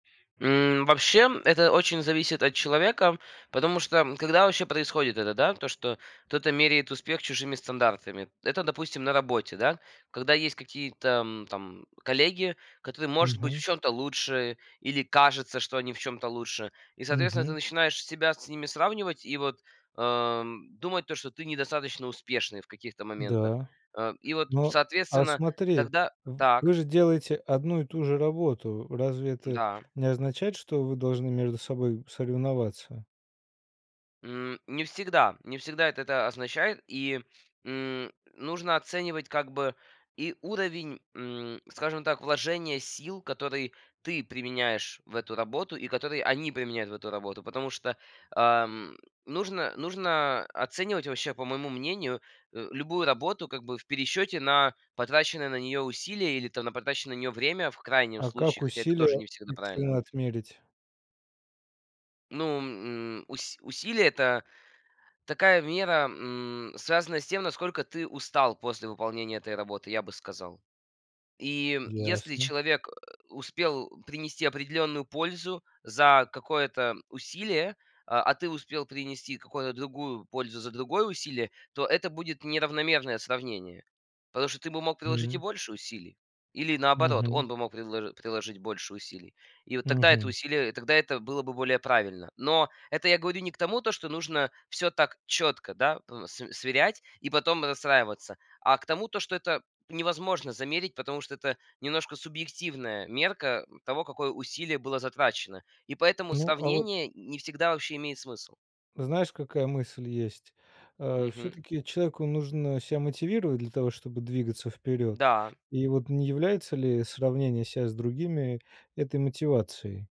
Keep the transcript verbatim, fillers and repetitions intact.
М, вообще, это очень зависит от человека. Потому что, когда вообще происходит это, да, то, что кто-то меряет успех чужими стандартами. Это, допустим, на работе, да. Когда есть какие-то, м, там коллеги, которые, может быть, в Мгм. чём-то лучше или кажется, что они в чём-то лучше. И, соответственно, ты Мгм. начинаешь себя с ними сравнивать и, вот, ам, думать то, что ты недостаточно успешный в каких-то моментах. Да. Э, и вот, Но, а соответственно, смотри, тогда в так. вы же делаете одну и ту же работу. Разве это Да. не означает, что вы должны между собой соревноваться? М, не всегда, не всегда это это означает. И, м, нужно оценивать как бы и уровень, м, скажем так, вложения сил, которые ты применяешь в эту работу и которые они применяют в эту работу. Потому что, ам, нужно нужно оценивать вообще, по моему мнению, а, любую работу как бы в пересчёте на потраченное на неё усилие или, там, на потраченное на неё время в крайнем А как случае, хотя это усилия тоже не всегда правильно. объективно отмерить? Ну, м, ус усилие- это такая мера, м, связанная с тем, насколько ты устал после выполнения этой работы, я бы сказал. И если Ясно. человек, а, успел принести определённую пользу за какое-то усилие, а ты успел принести какую-то другую пользу за другое усилие, то это будет неравномерное сравнение. Потому что ты бы мог приложить и Мгм. больше усилий, или, наоборот, Мгм. он бы мог предло приложить больше усилий. И вот тогда это Мгм. усилие и тогда это было бы более правильно. Но это я говорю не к тому, то, что нужно всё так четко, да, э, св сверять и потом расстраиваться. А к тому, то, что это невозможно замерить, потому что это немножко субъективная мерка того, какое усилие было затрачено. И поэтому Ну, а вот сравнение не всегда вообще имеет смысл. Знаешь, какая мысль есть? А Мгм. всё-таки человеку нужно ся мотивировать для того, чтобы двигаться вперёд. Да. И вот не является ли сравнение ся с другими этой мотивацией?